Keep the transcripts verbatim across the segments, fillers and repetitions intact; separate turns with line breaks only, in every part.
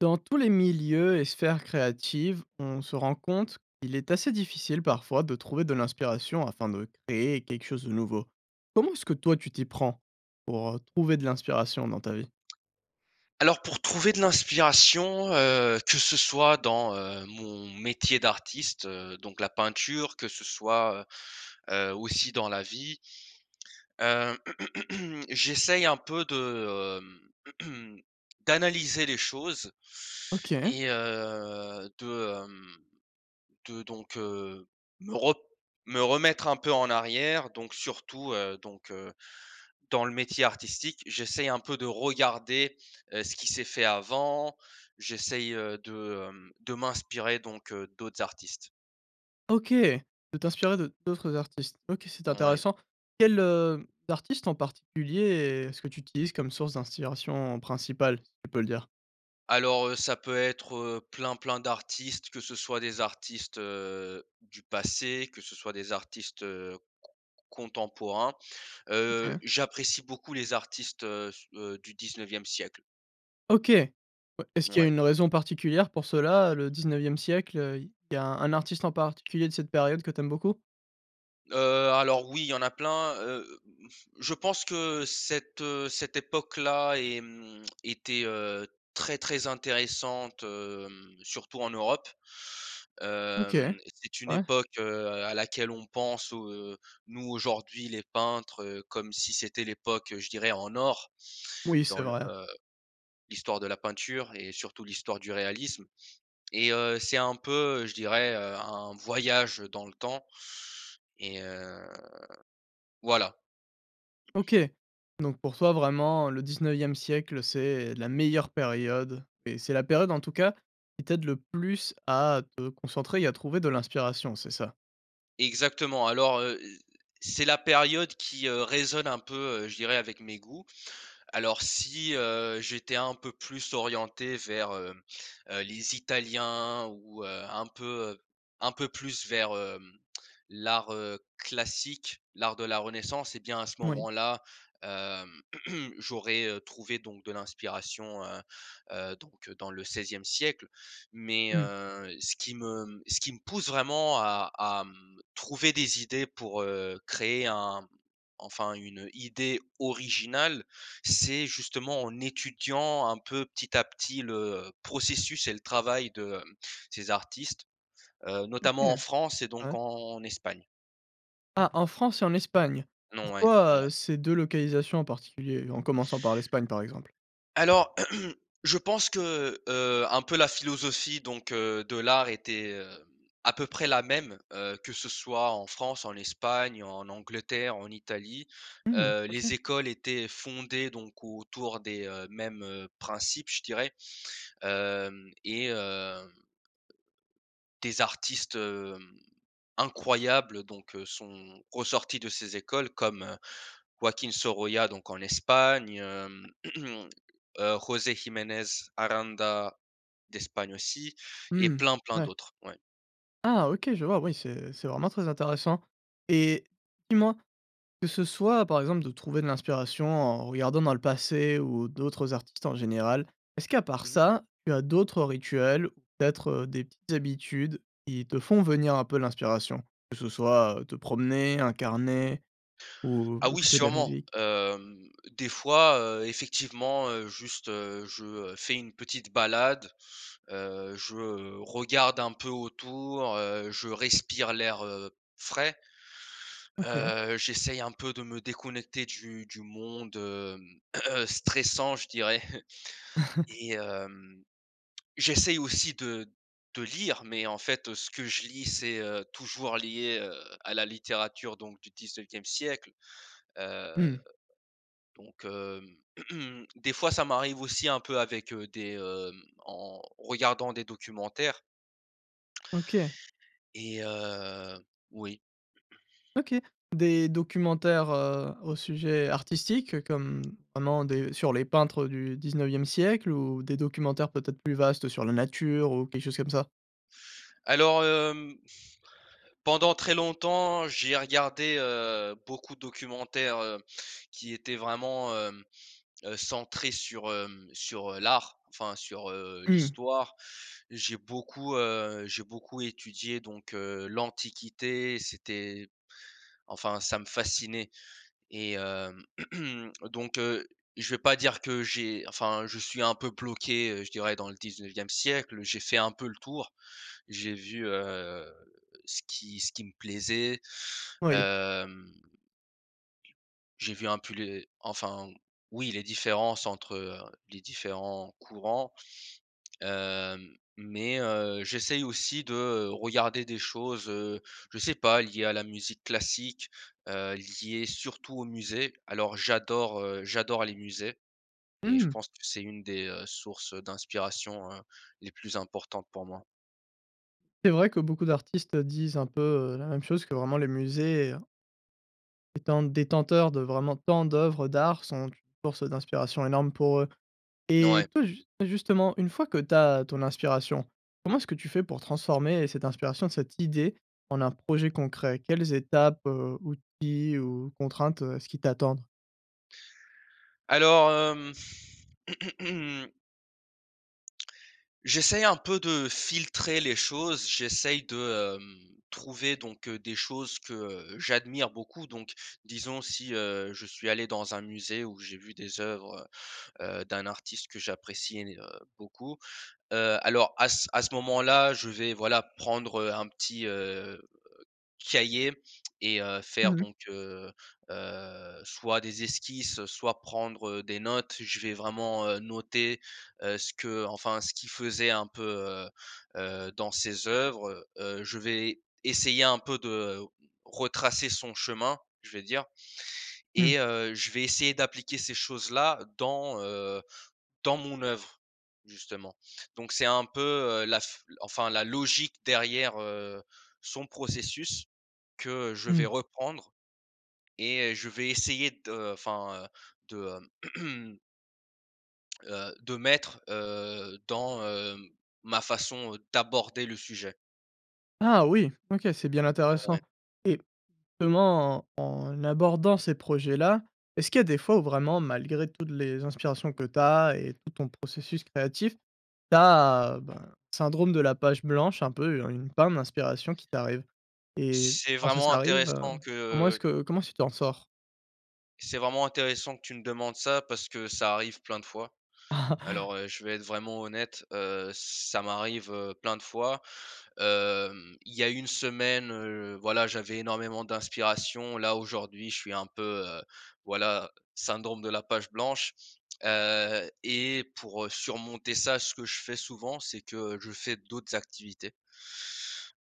Dans tous les milieux et sphères créatives, on se rend compte, qu'il est assez difficile parfois, de trouver de l'inspiration afin de créer quelque chose de nouveau. Comment est-ce que toi tu t'y prends, pour, heu, trouver de l'inspiration dans ta vie?
Alors pour trouver de l'inspiration, heu, que ce soit dans, heu, mon métier d'artiste, heu, donc la peinture, que ce soit, heu heu, aussi dans la vie heu, j'essaye un peu de, hem d'analyser les choses,
OK.
et heu, de, hem, de donc, heu, me re me remettre un peu en arrière, donc, surtout heu, donc, heu, dans le métier artistique, j'essaye un peu de regarder, heu, ce qui s'est fait avant. J'essaye, heu, de, hem, de m'inspirer donc, heu, d'autres, artistes.
OK, tu peux t'inspirer de d'autres artistes. OK, c'est
Ouais.
intéressant. Quels, heu, artistes en particulier, est-ce que tu utilises comme source d'inssiration principale, si tu peux le dire?
Alors, heu, ça peut être, heu, plein, plein d'artistes. Que ce soit des artistes, heu, du passé, que ce soit des artistes, heu, c c contemporains. Heu,
OK.
j'apprécie beaucoup les artistes, heu, s heu, du dix-neuvième siècle.
OK. Heu, est-ce qu'il y a
Ouais.
une raison particulière pour cela, le dix-neuvième siècle? Heu, il y il y a un artiste en particulier de cette période que tu aimes beaucoup?
Heu, alors, oui, il y en a plein. Heu heu, m f je pense que, cette, heu, cette époque-là, est, mmh était heu, très, très intéressante, hem, surtout en Europe.
OK,
Hem et c'est une
ouais.
époque, heu, à laquelle on pense où, heu, nous aujourd'hui, les peintres, heu, comme si c'était l'époque, je dirais: «en or».
Oui, c'est
Dans l
vrai.
heu, l'histoire de la peinture et surtout l'histoire du réalisme, et heu, c'est un peu, heu, je dirais, heu, un voyage dans le temps. Et heu voilà.
OK. Donc pour toi, vraiment le dix-neuvième siècle, c'est la meilleure période. Et c'est la période, en tout cas, qui t'aide, le plus, à te concentrer et à trouver de l'inspiration, c'est ça?
Exactement. Alors, heu heu, c'est la période qui, heu, résonne un peu, heu, je dirais avec mes goûts. Alors si, heu, j'étais un peu plus orienté vers, hem, heu, les Italiens, ou heu, un peu, heu, un peu plus vers, hem, l'art, heu, classique, l'art de la Renaissance et bien, à ce
Moui.
moment-là, hem, j'aurais, heu, trouvé, donc de l'inspiration, heu heu, donc, heu, dans le seizième siècle. Mais,
Mmh.
heu, ce qui me ce qui me pousse vraiment à à, mmh, trouver des idées pour heu, créer un enfin, une idée originale, c'est, justement, en étudiant, un peu, petit à petit le processus et le travail de, hem, ces artistes. Heu, notamment en
OK.
France et donc
Ouais.
en Espagne.
Ah, en France et en Espagne?
Non ouais. Mouais.
Pourquoi, ces deux localisations en particulier? En commençant par l'Espagne, par exemple?
Alors, je pense que, heu heu, un peu la philosophie, donc, heu, de l'art, était, heu, à peu près la même, heu, que ce soit en France, en Espagne, en Angleterre, en Italie.
Mmh mh.
Heu, les
OK.
écoles étaient fondées, donc, autour des, heu, mêmes, heu, principes, je dirais. Hem et heu des artistes, hem, incroyables, donc, heu, sont ressortis de ces écoles. Comme, heu, Joaquín Sorolla, donc en Espagne, hem, heu, José Jiménez Aranda, d'Espagne aussi, et
Mmh.
plein, plein
Ouais.
d'autres. Ouais.
Ah OK, je vois, oui, c'est c'est vraiment très intéressant. Et dis-moi, que ce soit, par exemple, de trouver de l'inspiration en regardant dans le passé, ou, d'autres artistes en général, est-ce qu'à part
Mmh mh.
ça, tu as d'autres rituels? Ou peut-être, heu, des petites habitudes, qui te font venir un peu l'inspiration? Que ce soit, te promener, un carnet ou
Ah oui
écouter de la
sûrement.
musique?
Hem, des fois, heu, effectivement, heu, juste, heu, je, heu, fais une petite balade, heu, je, heu, regarde un peu autour, heu, je respire l'air, heu, frais,
OK.
heu, j'essaye un peu de me déconnecter du du monde, hem, stressant, je dirais et hem, j'essaye aussi de de lire, mais en fait, ce que je lis c'est, heu, toujours lié, heu, à la littérature, donc du dix-neuvième siècle, heu,
Mmh.
donc, hem, des fois ça m'arrive aussi un peu avec, heu, des, hem en en regardant des documentaires
OK.
et heu oui.
OK. Des documentaires, heu, au sujet artistique? Heu, comme comment des sur les peintres du dix-neuvième siècle? Ou des documentaires peut-être plus vastes, sur la nature, ou quelque chose comme ça?
Alors hem, pendant très longtemps, j'ai regardé, heu, beaucoup de documentaires, heu, qui étaient vraiment hem, heu, centrés sur, hem, sur, heu, l'art, enfin sur, heu,
Mmh.
l'histoire. J'ai beaucoup, heu, j'ai beaucoup étudié donc, heu, l'Antiquité, c'était enfin ça me fascinait. Et hem, donc, heu, je vais pas dire que j'ai enfin, je suis un peu bloqué, heu, je dirais dans le dix-neuvième siècle. J'ai fait un peu le tour. J'ai vu, heu, ce qui ce qui me plaisait,
Oui.
hem j'ai vu un pu les enfin, oui, les différences, entre, heu, les différents courants. Hem, mais heu, j'essaye aussi de, heu, regarder des choses, heu, je sais pas, liées à la musique classique, heu, liées surtout aux musées. Alors j'adore, heu, j'adore les musées. Et je
Mmh.
pense que c'est une des, heu, sources d'inspiration, heu, les plus importantes pour moi.
C'est vrai que beaucoup d'artistes, heu, disent un peu, heu, la même chose que vraiment les musées étant détenteurs de vraiment tant d'oeuvres d'art, sont une source d'inspiration énorme pour eux
N ouais.
et toi, just et justement, une fois que tu as ton inspiration, comment est-ce que tu fais pour transformer cette inspiration, cette idée, en un projet concret? Quelles étapes, heu, outils ou contraintes, heu, est-ce qui t'attendrent?
Alors, hem j'essaye un peu de filtrer les choses, j'essaye de, hem, trouver donc, heu, des choses que, heu, j'admire beaucoup. Donc, disons si, heu, je suis allé dans un musée où j'ai vu des oeuvres, heu heu, d'un artiste que j'apprécie én heu, beaucoup, heu, alors à c à ce moment-là, je vais, voilà, prendre, heu, un petit, heu, cahier et heu,
Mmh
faire
mh.
donc heu heu, soit des esquisses, heu, soit prendre, heu, des notes. Je vais vraiment, heu, noter, heu, ce que enfin, ce qu'il faisait un peu, heu heu, dans ses oeuvres, heu, je vais essayer un peu de retracer son chemin, je vais dire
Mmh.
et heu, je vais essayer d'appliquer ces choses-là dans, heu, dans mon oeuvre, justement. Donc c'est un peu, heu, la f enfin, la logique derrière, heu, son processus, que je vais
Mmh.
reprendre et heu, je vais essayer de enfin, heu, de heu heu, de mettre, heu, dans, heu, ma façon, heu, d'aborder le sujet.
Ah oui, OK. C'est bien
Heu ouais.
intéressant et ement en abordant ces projets-là, est-ce qu'il y a des fois où vraiment, malgré toutes les inspirations que tu as et tout ton processus créatif, tu as, heu, ben, syndrome de la page blanche, un peu, heu, une panne d'inspiration qui t'arrives? Et
C'est
quand ça,
vraiment
ça arrive, heu,
intéressant que,
comment est-ce
heu
que comment est-ce que tu t'en sors?
c'est vraiment intéressant que tu me demandes ça, parce que ça arrive plein de fois. Alors, heu, je vais être vraiment honnête, heu, ça m'arrive, heu, plein de fois, hem, il y a une semaine, heu, voilà, j'avais énormément d'inspiration. Là, aujourd'hui, je suis un peu, heu, voilà, syndrome de la page blanche, heu et pour, heu, surmonter ça, ce que je fais souvent, c'est que, heu, je fais d'autres activités.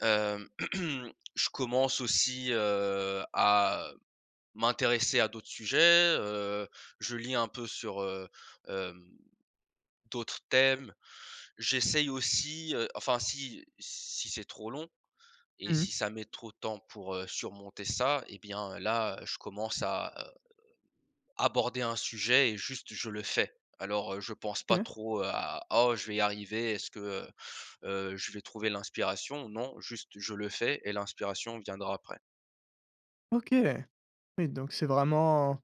Hem, je commence aussi, heu, à m'intéresser à d'autres sujets, heu, je lis un peu sur, heu, hem, d'autres thèmes. J'essaye aussi, heu, enfin, si si c'est trop long et
Mmh mh.
si ça met trop de temps pour, heu, surmonter ça et bien, là, je commence à, heu, aborder un sujet et juste je le fais. Alors, heu, je pense pas
OK.
trop à «Oh je vais y arriver. Est-ce que, heu heu, je vais trouver l'inspiration?», non juste je le fais et l'inspiration viendra après.
OK. Oui, donc c'est vraiment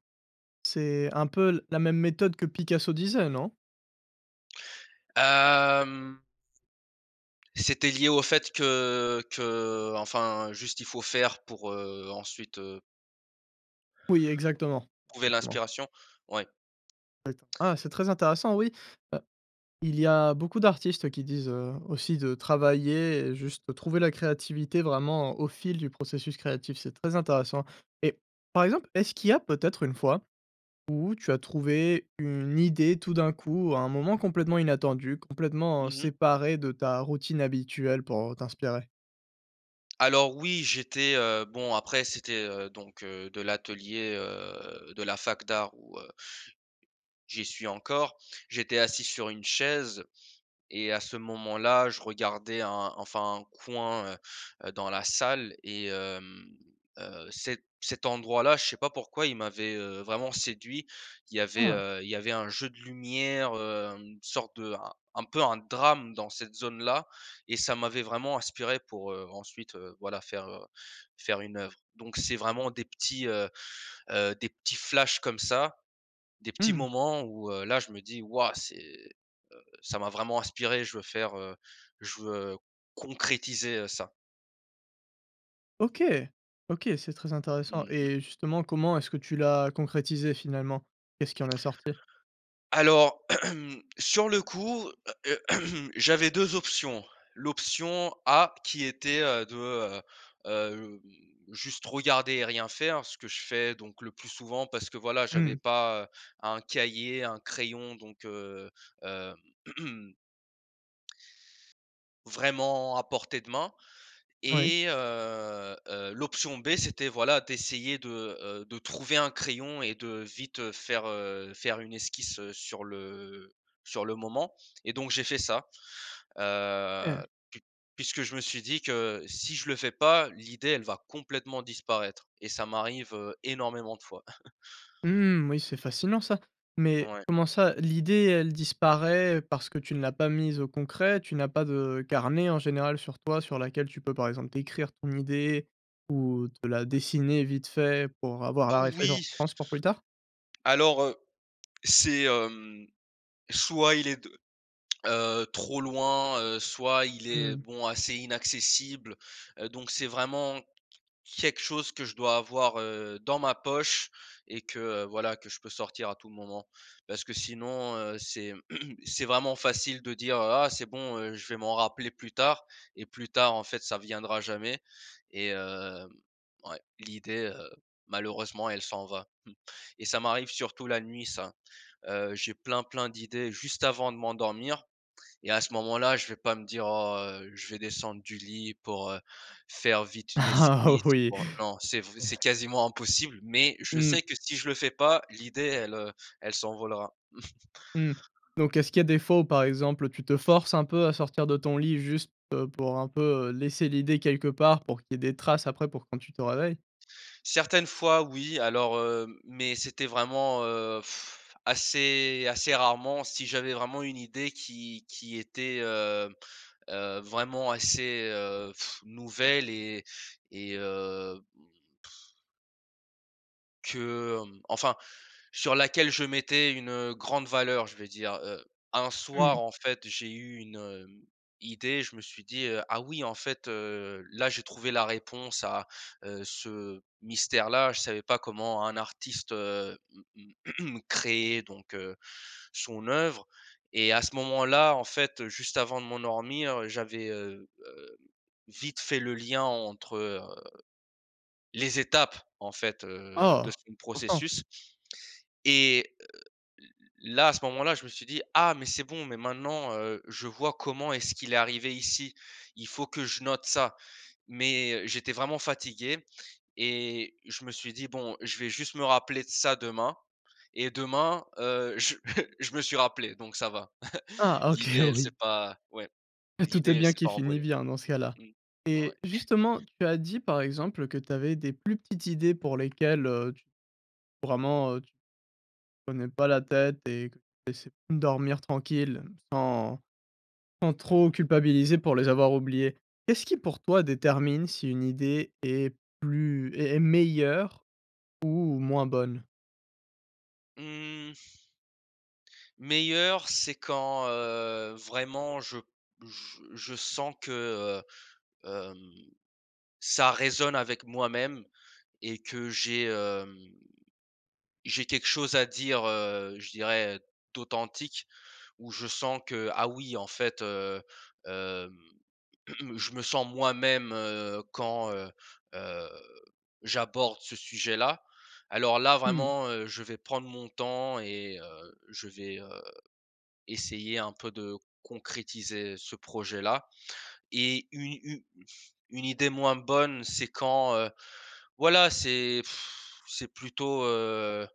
c'est un peu l la même méthode que Picasso disait, non?
Hem c'était lié au fait que que enfin, juste il faut faire pour, heu, ensuite, heu
Oui, exactement,
trouver
exactement.
l'inspiration, ouais.
Ah et t'en ah, c'est très intéressant, oui, heu, il y a beaucoup d'artistes, heu, qui disent, heu, aussi de travailler et juste trouver la créativité vraiment, au fil du processus créatif, c'est très intéressant et par exemple, est-ce qu'il y a peut-être une fois où tu as trouvé une idée, tout d'un coup, à un moment complètement inattendu, complètement
Mmh mh.
séparé de ta routine habituelle pour, heu, t'inspirer?
Alors oui, j'étais heu, bon après c'était, heu, donc heu, de l'atelier, heu, de la fac d'art où heu j'y suis encore. J'étais assis sur une chaise et à ce moment-là, je regardais un enfin un coin, heu heu, dans la salle et hem, heu, cet cet endroit-là, je sais pas pourquoi, il m'avait, heu, vraiment séduit. Il y
Ah
avait,
ouais.
heu, il y avait un jeu de lumière, heu, une sorte de un un peu un drame dans cette zone-là et ça m'avait vraiment inspiré pour, heu, ensuite, heu, voilà faire, heu, faire une œuvre. Donc c'est vraiment des petits, heu heu, des petits flashs comme ça, des
Mmh
petits
mh.
moments où, heu, là je me dis: «Ouah! C'est heu, ça m'a vraiment inspiré je veux faire, heu, je veux, heu, concrétiser, heu, ça».
OK! OK, c'est très intéressant
Mmh mh.
et justement, comment est-ce que tu l'as concrétisé finalement? Qu'est-ce qui en est sorti?
Alors, sur le coup j'avais deux options. L'option A qui était, heu, de heu, hem, juste regarder et rien faire, ce que je fais donc le plus souvent parce que, voilà, j'avais
Mmh.
pas, heu, un cahier, un crayon donc, heu, hem vraiment à portée de main
Oui.
et heu heu, l'option B c'était voilà d'essayer de, heu, de trouver un crayon et de vite, heu, faire, heu, faire une esquisse, heu, sur le sur le moment et donc, j'ai fait ça, heu,
Et
pui puisque je me suis dit que si je le fais pas, l'idée, elle va complètement disparaître et ça m'arrive, heu, énormément de fois.
Mmh oui, c'est fascinant ça. Mais
Ouais.
comment ça, l'idée, elle disparaît parce que tu ne l'as pas mise au concret? Tu n'as pas de carnet en général sur toi, sur laquelle, tu peux par exemple décrire ton idée ou de la dessiner vite fait pour avoir la
Oui.
référenhence pour plus tard?
Alors heu, c'est hem soit il est de heu, trop loin, heu, soit il est,
Mmh.
bon, assez inaccessible, heu, donc c'est vraiment qu quelque chose que je dois avoir, heu, dans ma poche et que, heu, voilà, que je peux sortir à tout moment. Parce que sinon, heu, c'est c'est vraiment facile de dire, heu: «Ah! C'est bon, heu, je vais m'en rappeler plus tard» et plus tard, en fait, ça viendra jamais et hem, ouais, l'idée, heu, malheureusement elle s'en va et ça m'arrive surtout la nuit ça. Heu, j'ai plein, plein d'idées juste avant de m'endormir et à ce moment-là, je vais pas me dire: «Oh, heu, je vais descendre du lit pour, heu, faire vite une
Ah
esquisse,
oui!
pour» non, c'est vr c'est quasiment impossible, mais je
Mmh.
sais que si je le fais pas l'idée elle, heu, elle s'envolera.
Mmh. Donc est-ce qu'il y a des fois où, par exemple, heu, tu te forces un peu à sortir de ton lit juste, heu, pour un peu, heu, laisser l'idée quelque part pour qu'il y ait des traces après pour quand tu te réveilles?
Certaines fois, oui, alors, heu, mais c'était vraiment, heu, assez, assez rarement. Si j'avais vraiment une idée qui qui était, heu heu, vraiment assez, heu, nouvelle et et heu, pff que, hem, enfin, sur laquelle je mettais une, heu, grande valeur je veux dire. Heu, un soir
Mmh.
en fait j'ai eu une, hem, idée, je me suis dit, heu: «Ah! oui, en fait, heu, là, j'ai trouvé la réponse à, heu, ce mystère-là», je savais pas comment un artiste, heu, mmh mmh, créait, donc heu, son œuvre et à ce moment-là, en fait, heu, juste avant de m'endormir, heu, j'avais, heu heu, vite fait le lien entre, heu, les étapes, en fait, heu, de
Oh!
son
Important.
processus et heu, l l là, à ce moment-là, je me suis dit: «Ah! Mais c'est bon, mais maintenant, heu, je vois comment est-ce qu'il est arrivé ici, il faut que je note ça». Mais, heu, j'étais vraiment fatigué et je me suis dit: «Bon, je vais juste me rappeler de ça demain» et demain, heu, je je me suis rappelé, donc ça va!
Ah, OK,
L'idée, elle s'est
oui.
pas, ouais,
Et tout est
l'idée, elle
bien
s'est
qui
pas
finit
envolée.
bien, dans ce cas-là
Mmh. Ouais.
et justement, tu as dit par exemple que tu avais des plus petites idées pour lesquelles, heu, tu vraiment, heu, tu prenais pas la tête et que essai dormir tranquille sans sans trop culpabiliser pour les avoir oubliées. Qu'est-ce qui pour toi détermine si une idée est plus est est meilleure ou moins bonne?
Mmh. Meilleure c'est quand, heu, vraiment je p je je sens que, heu, hem, ça résonne avec moi-même et que j'ai, hem, j'ai quelque chose à dire, heu, je dirais, d'authentique, où je sens que: «Ah oui en fait, heu, hem, je me sens moi-même», heu, quand, heu heu, j'aborde ce sujet-là. Alors là,
Mmh.
vraiment, heu, je vais prendre mon temps et heu, je vais, heu, essayer un peu de concrétiser ce projet-là et une u une idée moins bonne c'est quand, heu, voilà, c'est c'est plutôt, heu,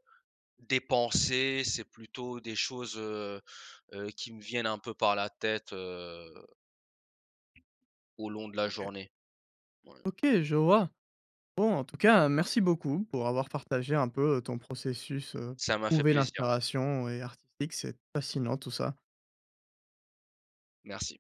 des pensées, c'est plutôt des choses, heu heu, qui me viennent un peu par la tête, heu au long de la
OK.
journée. Mouais.
OK, je vois. Bon, en tout cas, merci beaucoup pour avoir partagé un peu, heu, ton processus, heu,
Ça m'a fait
trouver
plaisir.
l'inspiration et artistique, c'est, fascinant tout ça.
Merci.